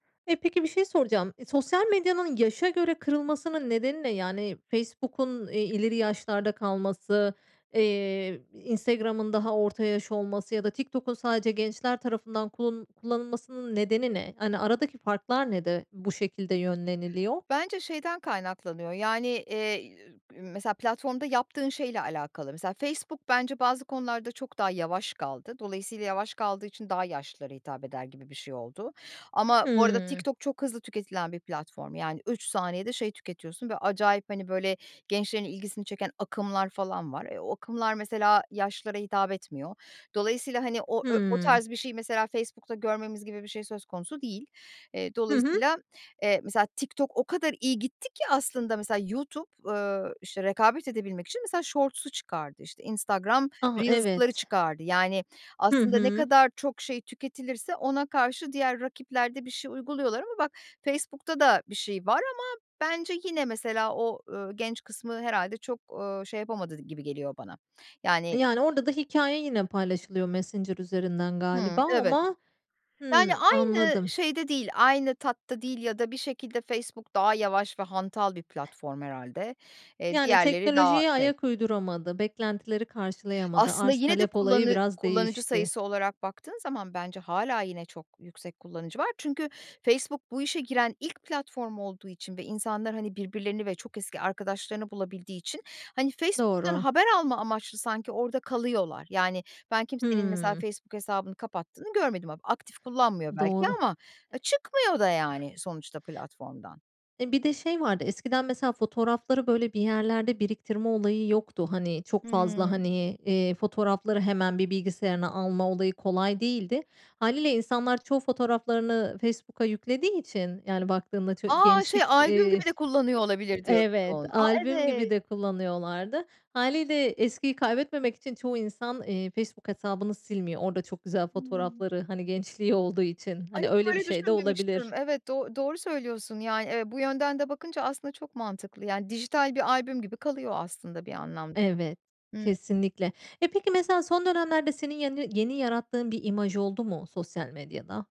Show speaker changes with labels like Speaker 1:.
Speaker 1: E, peki bir şey soracağım. İ sosyal medyanın yaşa göre kırılmasının nedeni ne? Yani, Facebook'un, eee, ileri yaşlarda kalması, eee, Instagram'ın daha orta yaş olması ya da TikTok'un sadece gençler tarafından kul kullanılmasının nedeni ne? Hani, aradaki farklar ne de bu şekilde yönleniliyor?
Speaker 2: Bence şeyden kaynaklanıyor, yani, eee, [unintelligible] mesela, platformda yaptığın şeyle alakalı. Mesela, Facebook bence bazı konularda çok daha yavaş kaldı. Dolayısıyla yavaş kaldığı için daha yaşlılara hitap eder gibi bir şey oldu. Ama bu arada
Speaker 1: Hıı.
Speaker 2: TikTok çok hızlı tüketilen bir platform. Yani, 3 saniyede şey tüketiyorsun ve acayip, hani, böyle gençlerin ilgisini çeken akımlar falan var. E, o akımlar, mesela, yaşlılara hitap etmiyor. Dolayısıyla, hani, o ö o
Speaker 1: Hıı.
Speaker 2: tarz bir şeyi, mesela, Facebook'ta görmemiz gibi bir şey söz konusu değil. Eee,
Speaker 1: Hı hı.
Speaker 2: dolayısıyla, eee, mesela, TikTok o kadar iyi gitti ki aslında, mesela, YouTube, ııı, işte, rekabet edebilmek için, mesela, shorts'u çıkardı, işte, Instagram
Speaker 1: Ah,
Speaker 2: Reels'ları
Speaker 1: evet.
Speaker 2: çıkardı. Yani,
Speaker 1: Hı
Speaker 2: aslında ne
Speaker 1: hı.
Speaker 2: kadar çok şey tüketilirse ona karşı diğer rakipler de bir şey uyguluyorlar ama bak Facebook'ta da bir şey var ama bence yine, mesela, o, ııı, genç kısmı herhâlde çok, eee, şey yapamadı gibi geliyor bana.
Speaker 1: E,
Speaker 2: Yani
Speaker 1: yani, orada da hikâye yine paylaşılıyor Messenger üzerinden
Speaker 2: Hıı,
Speaker 1: galiba
Speaker 2: evet.
Speaker 1: ama,
Speaker 2: Yani,
Speaker 1: hımm,
Speaker 2: aynı
Speaker 1: anladım.
Speaker 2: şeyde değil, aynı tatta değil ya da bir şekilde Facebook daha yavaş ve hantal bir platform herhâlde. Eee,
Speaker 1: Yani,
Speaker 2: diğerleri daha
Speaker 1: teknolojiye
Speaker 2: şey.
Speaker 1: ayak uyduramadı, beklentileri karşılayamadı,
Speaker 2: Aslında,
Speaker 1: arz
Speaker 2: yine de
Speaker 1: talep olayı
Speaker 2: kullanı
Speaker 1: biraz
Speaker 2: kullanıcı
Speaker 1: değişti.
Speaker 2: sayısı olarak baktığın zaman bence hâlâ yine çok yüksek kullanıcı var. Çünkü Facebook bu işe giren ilk platform olduğu için ve insanlar hani birbirlerini ve çok eski arkadaşlarını bulabildiği için hani Facebook'tan
Speaker 1: Doğru.
Speaker 2: haber alma amaçlı sanki orada kalıyorlar. Yani, ben kimsenin, mesela,
Speaker 1: Hımm.
Speaker 2: Facebook hesabını kapattığını görmedim ama aktif kullanmıyor belki
Speaker 1: Doğru.
Speaker 2: ama, ha, çıkmıyor da, yani, sonuçta platformdan.
Speaker 1: E, bir de şey vardı. Eskiden, mesela, fotoğrafları, böyle, bir yerlerde biriktirme olayı yoktu. Hani, çok fazla,
Speaker 2: Hıı.
Speaker 1: hani, iii, fotoğrafları hemen bir bilgisayarına alma olayı kolay değildi. Hâliyle insanlar çoğu fotoğraflarını Facebook'a yüklediği için, yani, baktığında ço
Speaker 2: A, şey
Speaker 1: gençlik,
Speaker 2: albüm
Speaker 1: eee,
Speaker 2: gibi de kullanıyor olabilir, diyorsun.
Speaker 1: evet,
Speaker 2: A,
Speaker 1: albüm gibi
Speaker 2: evet.
Speaker 1: de kullanıyorlardı. Hâliyle eskiyi kaybetmemek için çoğu insan, iii, Facebook hesabını silmiyor. Orada çok güzel
Speaker 2: Hıı.
Speaker 1: fotoğrafları, hani, gençliği olduğu için.
Speaker 2: Ay,
Speaker 1: Hani,
Speaker 2: hiç
Speaker 1: öyle bir
Speaker 2: böyle
Speaker 1: şey de
Speaker 2: düşünmemiştim.
Speaker 1: olabilir.
Speaker 2: Evet, do doğru söylüyorsun, yani, evet. Bu yönden de bakınca aslında çok mantıklı. Yani, dijital bir albüm gibi kalıyor aslında bir anlamda
Speaker 1: Evet,
Speaker 2: da. Hıı.
Speaker 1: kesinlikle. E, peki, mesela, son dönemlerde senin yeni yeni yarattığın bir imaj oldu mu sosyal medyada?